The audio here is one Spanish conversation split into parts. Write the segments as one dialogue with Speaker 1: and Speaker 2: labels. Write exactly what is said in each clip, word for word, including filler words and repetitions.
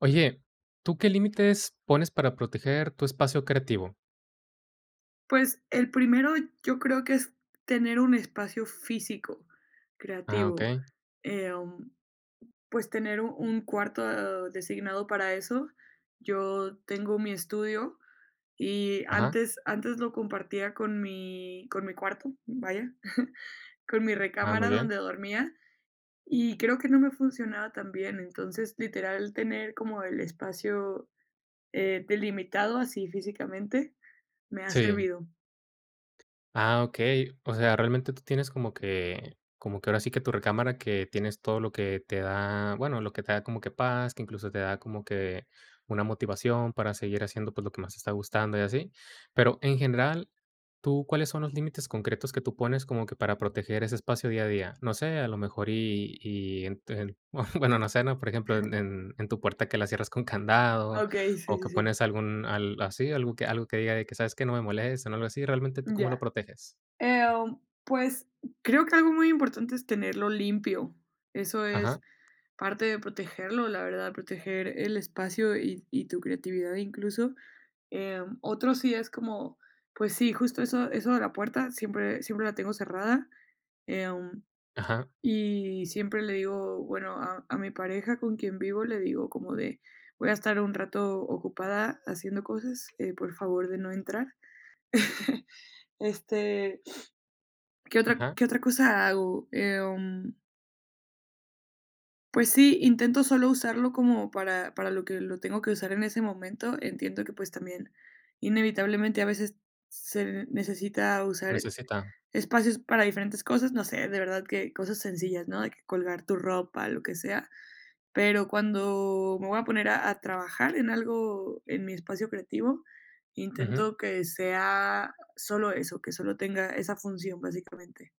Speaker 1: Oye, ¿tú qué límites pones para proteger tu espacio creativo?
Speaker 2: Pues, el primero yo creo que es tener un espacio físico,
Speaker 1: Ah,
Speaker 2: creativo,
Speaker 1: okey.
Speaker 2: em, pues tener u un cuarto designado para eso. Yo tengo mi estudio, y
Speaker 1: Ajá.
Speaker 2: antes antes lo compartía con mi con mi cuarto, vaya, con mi
Speaker 1: Ah, muy
Speaker 2: recámara
Speaker 1: bien.
Speaker 2: donde dormía, y creo que no me funcionaba tan bien. Entonces, literal, tener como el espacio, eh, delimitado así físicamente me ha
Speaker 1: Sí.
Speaker 2: servido.
Speaker 1: Ah, okey. O sea, realmente tú tienes como que como que, ahora sí, que tu recámara, que tienes todo lo que te da, bueno, lo que te da como que paz, que incluso, te da como que una motivación para seguir haciendo, pues, lo que más te está gustando y así. Pero, en general, tú ¿cuáles son los límites concretos que tú pones como que para proteger ese espacio día a día? No sé, a lo mejor y y ent el, bueno, no sé, ¿no? Por ejemplo, en en en tu puerta, que la cierras con candado
Speaker 2: Okey, sí,
Speaker 1: o
Speaker 2: sí,
Speaker 1: que
Speaker 2: sí.
Speaker 1: pones algún al así, algo que algo que diga de que: "¿Sabes qué?, no me molesten", algo así. Realmente, ¿tú cómo lo
Speaker 2: Ya,
Speaker 1: proteges?
Speaker 2: em, pues creo que algo muy importante es tenerlo limpio, eso es
Speaker 1: Ajá.
Speaker 2: parte de protegerlo, la verdad, proteger el espacio y y tu creatividad incluso. Em, otro sí es como, pues sí, justo eso eso de la puerta siempre siempre la tengo cerrada, em,
Speaker 1: Ajá.
Speaker 2: y siempre le digo, bueno, a a mi pareja con quien vivo le digo como de: "Voy a estar un rato ocupada haciendo cosas, eh, por favor, de no entrar". Este ¿qué otra
Speaker 1: Ajá.
Speaker 2: qué otra cosa hago?, em Pues sí, intento solo usarlo como para para lo que lo tengo que usar en ese momento, entiendo que, pues, también inevitablemente a veces se necesita usar,
Speaker 1: Necesita.
Speaker 2: espacios para diferentes cosas, no sé, de verdad que cosas sencillas, ¿no?, de que colgar tu ropa, lo que sea, pero cuando me voy a poner a a trabajar en algo, en mi espacio creativo,
Speaker 1: Ujú.
Speaker 2: intento que sea solo eso, que solo tenga esa función básicamente.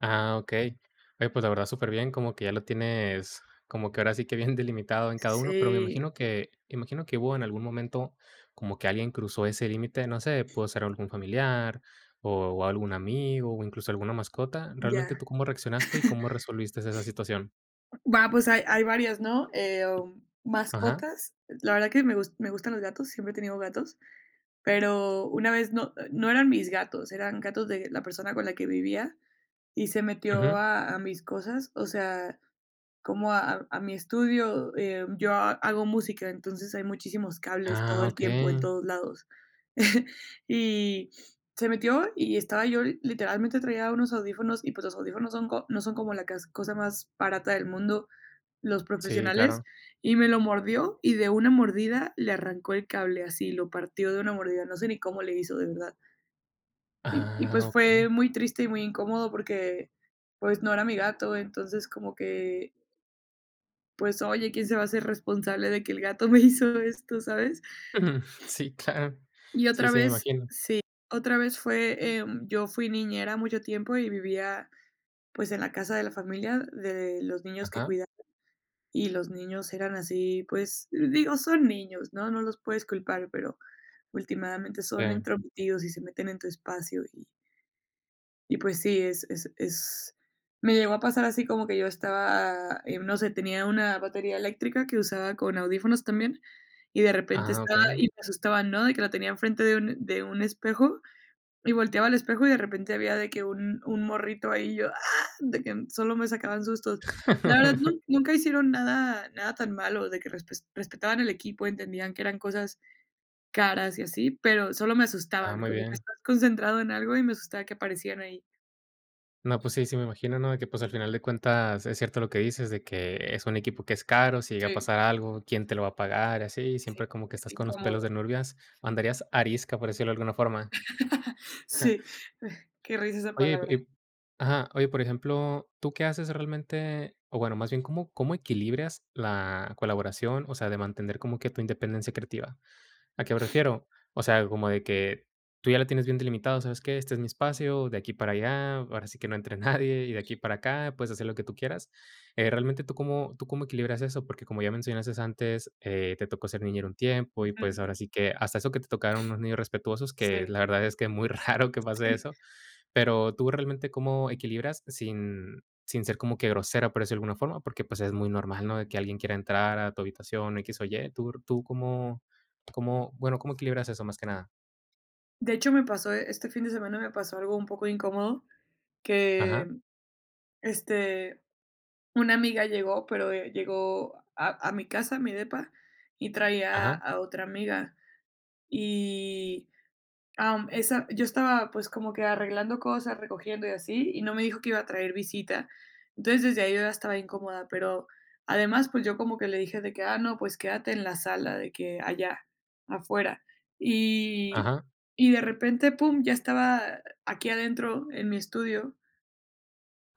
Speaker 1: Ah, okey. Oye, pues, la verdad, superbién, como que ya lo tienes como que ahora sí que bien delimitado en cada uno, pero me
Speaker 2: Sí.
Speaker 1: imagino que me imagino que hubo en algún momento como que alguien cruzó ese límite, no sé, pudo ser algún familiar o o algún amigo, o incluso alguna mascota. Realmente, ¿tú
Speaker 2: Ya.
Speaker 1: cómo reaccionaste y cómo resolvistes esa situación?
Speaker 2: Va, pues hay hay varias, ¿no?, em,
Speaker 1: Ajá.
Speaker 2: mascotas, la verdad que me gus me gustan los gatos, siempre he tenido gatos, pero una vez no no eran mis gatos, eran gatos de la persona con la que vivía y se metió
Speaker 1: Ujú.
Speaker 2: a a mis cosas, o sea, como a a mi estudio, em, yo ha hago música, entonces hay muchísimos cables todo
Speaker 1: Ah,
Speaker 2: el tiempo en
Speaker 1: okey.
Speaker 2: todos lados. Y se metió y estaba yo literalmente traía unos audífonos y, pues, los audífonos son co no son como la cas cosa más barata del mundo, los
Speaker 1: Sí,
Speaker 2: profesionales,
Speaker 1: claro.
Speaker 2: y me lo mordió y de una mordida le arrancó el cable así lo partió de una mordida, no sé ni cómo le hizo, de verdad. Y y
Speaker 1: Ah,
Speaker 2: pues fue
Speaker 1: okey.
Speaker 2: muy triste y muy incómodo porque, pues no era mi gato, entonces como que. Pues oye, quién se va a hacer responsable de que el gato me hizo esto, ¿sabes?
Speaker 1: Ujú. Sí, claro.
Speaker 2: Y
Speaker 1: Sí,
Speaker 2: otra
Speaker 1: sí, me
Speaker 2: vez sí,
Speaker 1: imagino.
Speaker 2: otra vez fue, eh, yo fui niñera mucho tiempo y vivía, pues, en la casa de la familia, de los niños que
Speaker 1: Ajá.
Speaker 2: cuidaba. Y los niños eran así, pues digo, son niños, ¿no?, no los puedes culpar, pero ultimadamente son
Speaker 1: Em.
Speaker 2: entrometidos y se meten en tu espacio, y Y pues, sí, es es es Me llegó a pasar así como que yo estaba, eh, no sé, tenía una batería eléctrica que usaba con audífonos también, y de repente
Speaker 1: Ah,
Speaker 2: estaba y
Speaker 1: okey.
Speaker 2: me asustaban, ¿no?, de que la tenía en frente de un de un espejo, y volteaba al espejo, y de repente había de que un un morrito ahí, y yo, "¡Ah!", de que solo me sacaban sustos. La verdad, nun nunca hicieron nada nada tan malo de que respes respetaban el equipo, entendían que eran cosas caras y así, pero solo me
Speaker 1: Ah,
Speaker 2: asustaban,
Speaker 1: muy
Speaker 2: como que
Speaker 1: bien.
Speaker 2: estás concentrado en algo y me asustaba que aparecían ahí.
Speaker 1: No, pues sí, sí me imagino, ¿no? De que, pues, al final de cuentas, es cierto lo que dices, de que es un equipo que es caro, si llega a
Speaker 2: Sí.
Speaker 1: pasar algo, quién te lo va a pagar y así.
Speaker 2: Sí,
Speaker 1: Siempre como que
Speaker 2: es
Speaker 1: estás con los pelos
Speaker 2: incómodo.
Speaker 1: de nurvias, andarías arisca, por decirlo de alguna forma. Ajá.
Speaker 2: Sí, eh, qué risa esa
Speaker 1: Oye, y p
Speaker 2: palabra.
Speaker 1: y p ajá, oye, por ejemplo, ¿tú qué haces realmente? O bueno, más bien, ¿cómo cómo equilibras la colaboración, o sea, de mantener como que tu independencia creativa? ¿A qué me refiero? O sea, como de que tú ya la tienes bien delimitado, ¿sabes qué? Este es mi espacio, de aquí para allá, ahora sí que no entre nadie, y de aquí para acá, puedes hacer lo que tú quieras. Eh, realmente, ¿tú cómo tú cómo equilibras eso? Porque como ya mencionaste antes, eh, te tocó ser niñera un tiempo y, pues,
Speaker 2: Ujú.
Speaker 1: ahora sí que hasta eso que te tocaron unos niños respetuosos, que
Speaker 2: Sí.
Speaker 1: la verdad es que muy raro que pase
Speaker 2: Sí.
Speaker 1: eso. Pero, ¿tú realmente cómo equilibras sin sin ser como que grosera, por decirlo de alguna forma? Porque, pues, es muy normal, ¿no? De que alguien quiera entrar a tu habitación, x o y. ¿Tú tú cómo cómo? Bueno, ¿cómo equilibras eso, más que nada?
Speaker 2: De hecho, me pasó, eh, este fin de semana, me pasó algo un poco incómodo,
Speaker 1: Ajá.
Speaker 2: que este, una amiga llegó, pero, eh, llegó a a mi casa, mi depa, y traía
Speaker 1: Ajá.
Speaker 2: a otra amiga. Y am, esa yo estaba, pues, como que arreglando cosas, recogiendo y así, y no me dijo que iba a traer visita. Entonces, desde ahí yo ya estaba incómoda, pero además, pues, yo como que le dije de que: "Ah, no, pues, quédate en la sala de que allá, afuera". Y
Speaker 1: Ajá.
Speaker 2: y de repente, pum, ya estaba aquí adentro en mi estudio.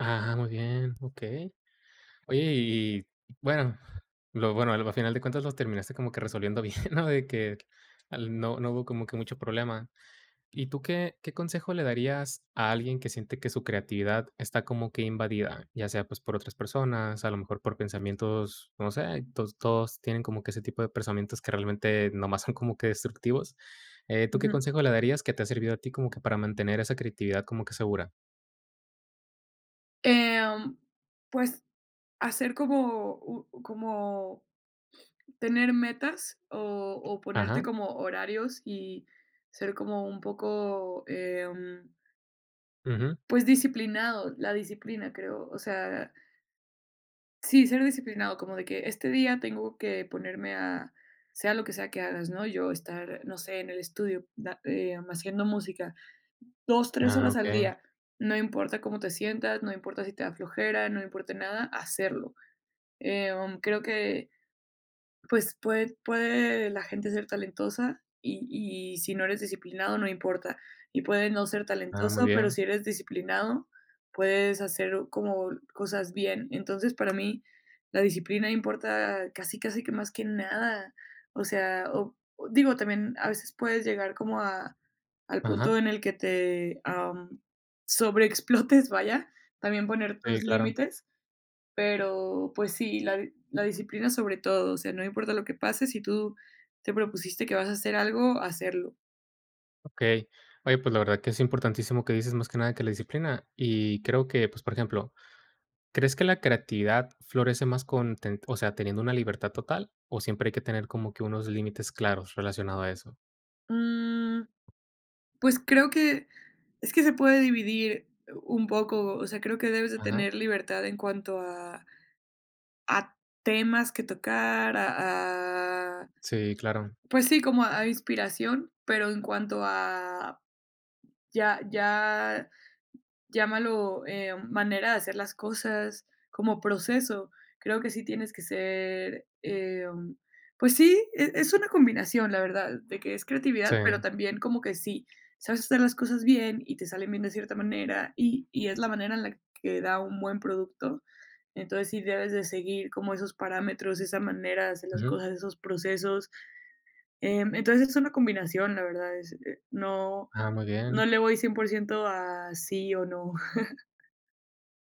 Speaker 1: Ajá, ajá, muy bien, okey. Oye, y y bueno, lo bueno, al final de cuentas lo terminaste como que resolviendo bien, ¿no? De que al no no hubo como que mucho problema. ¿Y tú qué qué consejo le darías a alguien que siente que su creatividad está como que invadida? Ya sea, pues, por otras personas, a lo mejor por pensamientos, no sé, todos todos tienen como que ese tipo de pensamientos que realmente nomás son como que destructivos. Eh, ¿tú qué
Speaker 2: Ujú.
Speaker 1: consejo le darías que te ha servido a ti como que para mantener esa creatividad como que segura?
Speaker 2: Em, pues, hacer como u como tener metas o o ponerte
Speaker 1: Ajá.
Speaker 2: como horarios y ser como un poco, em
Speaker 1: Ujú.
Speaker 2: pues, disciplinado. La disciplina creo, o sea sí, ser disciplinado, como de que este día tengo que ponerme a, sea lo que sea que hagas, ¿no? Yo estar, no sé, en el estudio, da, em, haciendo música dos, tres
Speaker 1: Ah,
Speaker 2: horas al
Speaker 1: okey.
Speaker 2: día. No importa cómo te sientas, no importa si te da flojera, no importa nada, hacerlo. Em, creo que, pues, pue puede la gente ser talentosa y y si no eres disciplinado, no importa, y puedes no ser
Speaker 1: Ah, muy
Speaker 2: talentoso, pero
Speaker 1: bien.
Speaker 2: si eres disciplinado, puedes hacer como cosas bien. Entonces, para mí la disciplina importa casi, casi que más que nada. O sea, o digo, también, a veces puedes llegar como a al punto
Speaker 1: Ajá.
Speaker 2: en el que te, am, sobreexplotes, vaya, también poner
Speaker 1: Sí,
Speaker 2: tus
Speaker 1: claro.
Speaker 2: límites, pero, pues, sí, la la disciplina sobre todo, o sea, no importa lo que pase, si tú te propusiste que vas a hacer algo, hacerlo.
Speaker 1: Okey. Oye, pues, la verdad que es importantísimo lo que dices, más que nada, que la disciplina. Y creo que, pues, por ejemplo, ¿crees que la creatividad florece más con ten, o sea, teniendo una libertad total, o siempre hay que tener como que unos límites claros relacionado a eso?
Speaker 2: Mm. Pues, creo que, es que se puede dividir u un poco, o sea, creo que debes de
Speaker 1: Ajá.
Speaker 2: tener libertad en cuanto a a temas que tocar, a a,
Speaker 1: Sí, claro.
Speaker 2: pues, sí, como a inspiración, pero en cuanto a, ya ya llámalo, em, manera de hacer las cosas como proceso, creo que sí tienes que ser, em, pues, sí, e es una combinación, la verdad, de que es creatividad, pero
Speaker 1: Sí.
Speaker 2: también como que sí sabes hacer las cosas bien y te salen bien de cierta manera, y y es la manera en la que da un buen producto, entonces, sí debes de seguir como esos parámetros, esa manera de hacer las
Speaker 1: Ujú.
Speaker 2: cosas, esos procesos. Em, entonces, es una combinación, la verdad, es no
Speaker 1: Ah, muy
Speaker 2: no
Speaker 1: bien.
Speaker 2: le voy cien por ciento a sí o no.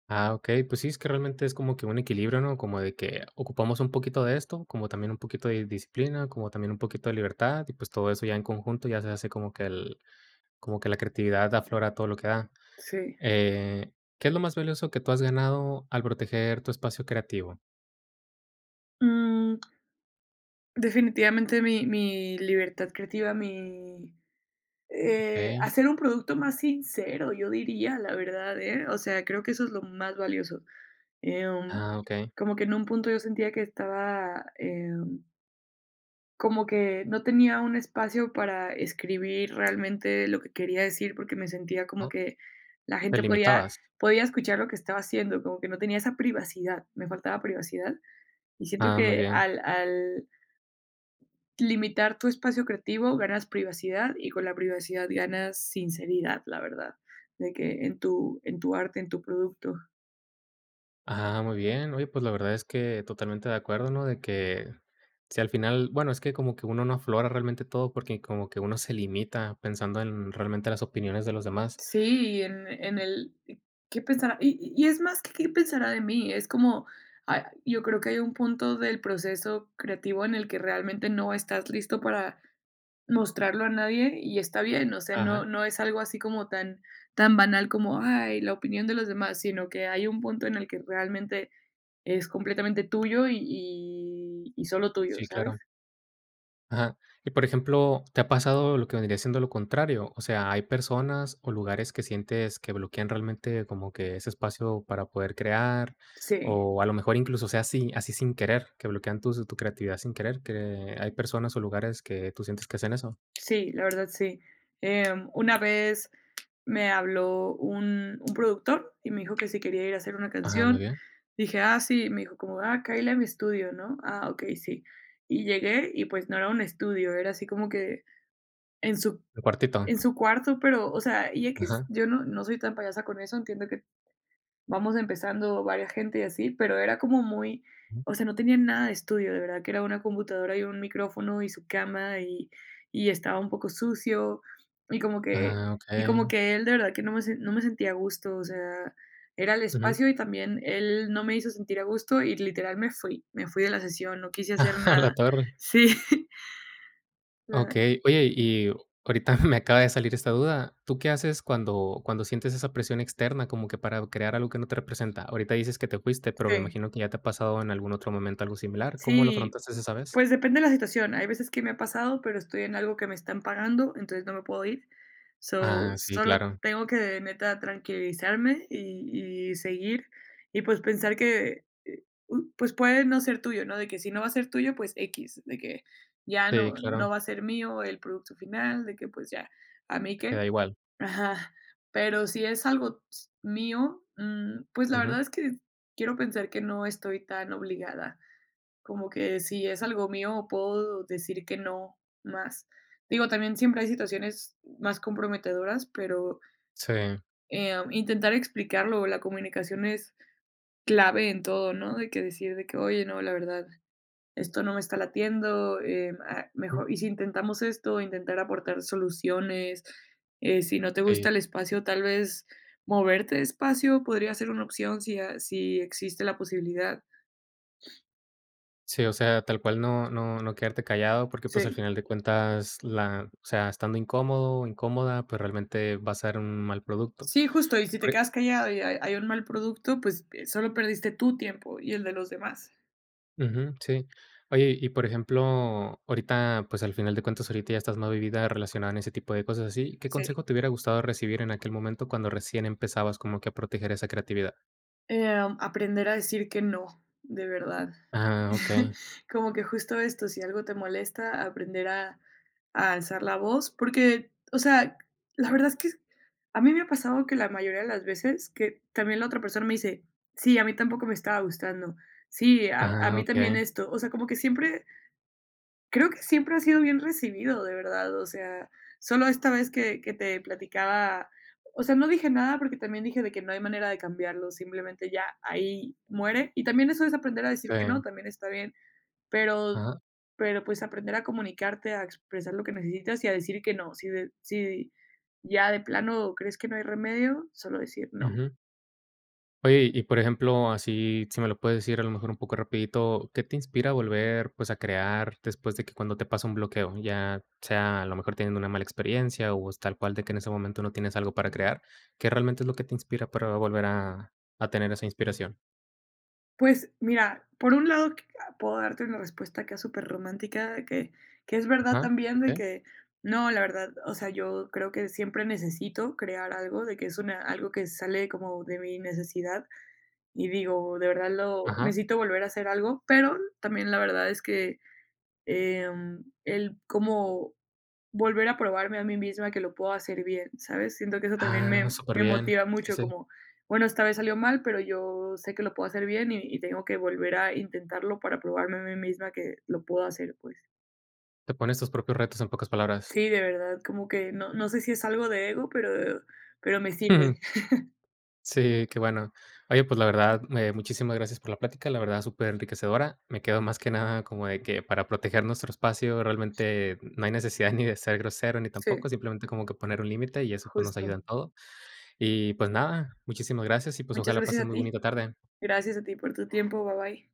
Speaker 1: Ah, okey, pues, sí, es que realmente es como que un equilibrio, ¿no? Como de que ocupamos un poquito de esto, como también un poquito de disciplina, como también un poquito de libertad, y, pues, todo eso ya en conjunto ya se hace como que el como que la creatividad aflora todo lo que da.
Speaker 2: Sí.
Speaker 1: Eh, ¿qué es lo más valioso que tú has ganado al proteger tu espacio creativo?
Speaker 2: Mm. Definitivamente, mi mi libertad creativa, mi, eh,
Speaker 1: Okey.
Speaker 2: hacer un producto más sincero, yo diría, la verdad, ¿eh? O sea, creo que eso es lo más valioso. Em,
Speaker 1: Ah, okey.
Speaker 2: como que en un punto yo sentía que estaba, em como que no tenía un espacio para escribir realmente lo que quería decir, porque me sentía como
Speaker 1: Ah.
Speaker 2: que la
Speaker 1: Te
Speaker 2: gente podía
Speaker 1: limitabas.
Speaker 2: podía escuchar lo que estaba haciendo, como que no tenía esa privacidad, me faltaba privacidad, y siento
Speaker 1: Ah, muy
Speaker 2: que
Speaker 1: bien.
Speaker 2: al al limitar tu espacio creativo ganas privacidad y con la privacidad ganas sinceridad, la verdad, de que en tu en tu arte, en tu producto.
Speaker 1: Ah, muy bien. Oye, pues, la verdad, es que, totalmente de acuerdo, ¿no? De que, si al final Bueno, es que, como que uno no aflora realmente, todo, porque como que uno se limita, pensando en realmente, las opiniones de los demás.
Speaker 2: Sí, y en en el ¿Qué pensará? Y y es más que: "Qué pensará de mí". Es como Ay, yo creo que hay un punto del proceso creativo, en el que realmente, no estás listo para mostrarlo a nadie, y está bien. O sea, no
Speaker 1: Ajá.
Speaker 2: no es algo así como tan tan banal como: "Ay, la opinión de los demás", sino que hay un punto, en el que realmente, es completamente tuyo, y y y solo tuyo,
Speaker 1: Sí,
Speaker 2: ¿sabes?
Speaker 1: claro. Ajá. Y, por ejemplo, ¿te ha pasado, lo que vendría siendo lo contrario? O sea, ¿hay personas o lugares, que sientes que bloquean realmente, como que, ese espacio para poder crear?
Speaker 2: Sí.
Speaker 1: O a lo mejor, incluso, o sea, así así sin querer, que bloquean tus tu creatividad sin querer, que hay personas o lugares que tú sientes que hacen eso.
Speaker 2: Sí, la verdad, sí, em, una vez, me habló un un productor, y me dijo que si quería ir a hacer una
Speaker 1: Ajá, muy
Speaker 2: canción.
Speaker 1: bien.
Speaker 2: Le dije: "Ah, sí". Me dijo, como: "Ah, cáele a mi estudio", ¿no? "Ah, okey, sí". Y llegué, y pues no era un estudio, era así como que en su
Speaker 1: Tu cuartito.
Speaker 2: en su cuarto. Pero, o sea, y equis.
Speaker 1: Ajá.
Speaker 2: Yo no no soy tan payasa con eso. Entiendo que, vamos empezando varia gente, y así. Pero era como muy
Speaker 1: Ujú.
Speaker 2: o sea, no tenía nada de estudio. De verdad, que era una computadora, y un micrófono, y su cama. Y y estaba un poco sucio, y como que
Speaker 1: Ah,
Speaker 2: y como
Speaker 1: okey.
Speaker 2: que él, de verdad que, no me se no me sentía a gusto. O sea, era el
Speaker 1: Ujú.
Speaker 2: espacio, y también él, no me hizo sentir a gusto. Y literal, me fui me fui de la sesión. No quise hacer
Speaker 1: A la
Speaker 2: nada.
Speaker 1: tarde.
Speaker 2: Sí. O sea
Speaker 1: Okey, oye, y ahorita me acaba de salir esta duda. ¿Tú qué haces, cuando cuando sientes esa presión externa, como que para crear algo que no te representa? Ahorita dices que te fuiste, pero me
Speaker 2: Sí.
Speaker 1: imagino, que ya te ha pasado en algún otro momento, algo similar. ¿Cómo lo
Speaker 2: Sí.
Speaker 1: afrontaste esa vez?
Speaker 2: Pues depende la situación. Hay veces que me ha pasado, pero estoy en algo, que me están pagando, entonces, no me puedo ir. So,
Speaker 1: Ah, sí,
Speaker 2: solo
Speaker 1: claro.
Speaker 2: tengo que, neta, tranquilizarme, y y seguir. Y pues, pensar que, eh, u pues, puede no ser tuyo, ¿no? De que si no va a ser tuyo, pues, equis, de que, ya no
Speaker 1: Sí,
Speaker 2: no
Speaker 1: claro.
Speaker 2: va a ser mío el producto final. De que: "Pues ya. ¿A mí
Speaker 1: Te
Speaker 2: qué?".
Speaker 1: queda igual.
Speaker 2: Ajá. Pero si es algo s mío, mm, pues la
Speaker 1: Ujú.
Speaker 2: verdad, es que quiero pensar que no estoy tan obligada. Como que si es algo mío, puedo decir que no, más. Digo, también siempre hay situaciones, más comprometedoras, pero
Speaker 1: Sí.
Speaker 2: em, intentar explicarlo. La comunicación es clave en todo, ¿no? De que decir, de que: "Oye, no. La verdad, esto no me está latiendo, em, ah,
Speaker 1: Mm.
Speaker 2: mejor, y si intentamos esto". Intentar aportar soluciones, eh, si no te
Speaker 1: Sí.
Speaker 2: gusta el espacio, tal vez moverte de espacio, podría ser una opción. Si a si existe la posibilidad.
Speaker 1: Sí, o sea, tal cual. No no no quedarte callado, porque, pues, al
Speaker 2: Sí.
Speaker 1: final de cuentas, la o sea, estando incómodo o incómoda, pues, realmente, va a ser un mal producto.
Speaker 2: Sí, justo. Y si te
Speaker 1: Puri.
Speaker 2: quedas callado, y hay hay un mal producto, pues, eh, solo perdiste tu tiempo, y el de los demás.
Speaker 1: Ujú. Sí. Oye, y por ejemplo, ahorita, pues, al final de cuentas, ahorita ya estás más vivida, relacionada en ese tipo de cosas, así. ¿Qué
Speaker 2: Sí.
Speaker 1: consejo te hubiera gustado recibir en aquel momento, cuando recién empezabas como que a proteger esa creatividad?
Speaker 2: Em, aprender a decir que no, de verdad.
Speaker 1: Ajá, okey.
Speaker 2: Como que justo esto, si algo te molesta, aprender a a alzar la voz, porque, o sea, la verdad es que a mí me ha pasado que la mayoría de las veces que también la otra persona me dice, sí, a mí tampoco me estaba gustando. Sí, a a
Speaker 1: Ajá,
Speaker 2: mí también
Speaker 1: okey.
Speaker 2: esto. O sea, como que siempre creo que siempre ha sido bien recibido, de verdad, o sea, solo esta vez que que te platicaba, o sea, no dije nada porque también dije de que no hay manera de cambiarlo, simplemente ya ahí muere, y también eso es aprender a decir que no,
Speaker 1: Sí.
Speaker 2: también está bien, pero
Speaker 1: Ajá.
Speaker 2: pero, pues, aprender a comunicarte, a expresar lo que necesitas, y a decir que no, si de si ya de plano crees que no hay remedio, solo decir no.
Speaker 1: Ujú. Oye y por ejemplo, así si me lo puedes decir a lo mejor un poco rapidito, ¿qué te inspira a volver, pues, a crear después de que cuando te pasa un bloqueo ya sea a lo mejor teniendo una mala experiencia o es tal cual de que en ese momento no tienes algo para crear, ¿qué realmente es lo que te inspira para volver a a tener esa inspiración?
Speaker 2: Pues, mira, por un lado, c puedo darte una respuesta, acá súper romántica, que que es verdad
Speaker 1: Ajá,
Speaker 2: también, de
Speaker 1: okey.
Speaker 2: que no, la verdad, o sea, yo creo que, siempre necesito crear algo de que, es una algo que sale como de mi necesidad, y digo, de verdad, lo
Speaker 1: Ajá.
Speaker 2: necesito volver a hacer algo, pero n también la verdad es que, em, el como volver a probarme a mí misma que lo puedo hacer bien, ¿sabes?, siento que eso también
Speaker 1: Ah,
Speaker 2: me
Speaker 1: súper
Speaker 2: me
Speaker 1: bien,
Speaker 2: motiva
Speaker 1: y
Speaker 2: mucho
Speaker 1: sí.
Speaker 2: como: "Bueno, esta vez salió mal, pero yo sé, que lo puedo hacer bien, y y tengo que volver a intentarlo para probarme a mí misma que lo puedo hacer, pues".
Speaker 1: Te pones tus propios retos en pocas palabras.
Speaker 2: Sí, de verdad, como que no no sé si es algo de ego, pero pero me
Speaker 1: Ujú.
Speaker 2: sirve.
Speaker 1: Sí, qué bueno, oye, pues, la verdad, me muchísimas gracias por la plática, la verdad, súper enriquecedora, me quedo más que nada, como de que para proteger nuestro espacio, realmente no hay necesidad, ni de ser grosero, ni
Speaker 2: Sí.
Speaker 1: tampoco, simplemente como que poner un límite y eso, pues, nos ayuda
Speaker 2: Justo.
Speaker 1: en todo, y, pues, nada, muchísimas gracias y, pues,
Speaker 2: Muchas
Speaker 1: ojalá
Speaker 2: gracias
Speaker 1: pases
Speaker 2: a
Speaker 1: muy
Speaker 2: ti,
Speaker 1: bonita tarde.
Speaker 2: gracias a ti por tu tiempo, ba bye.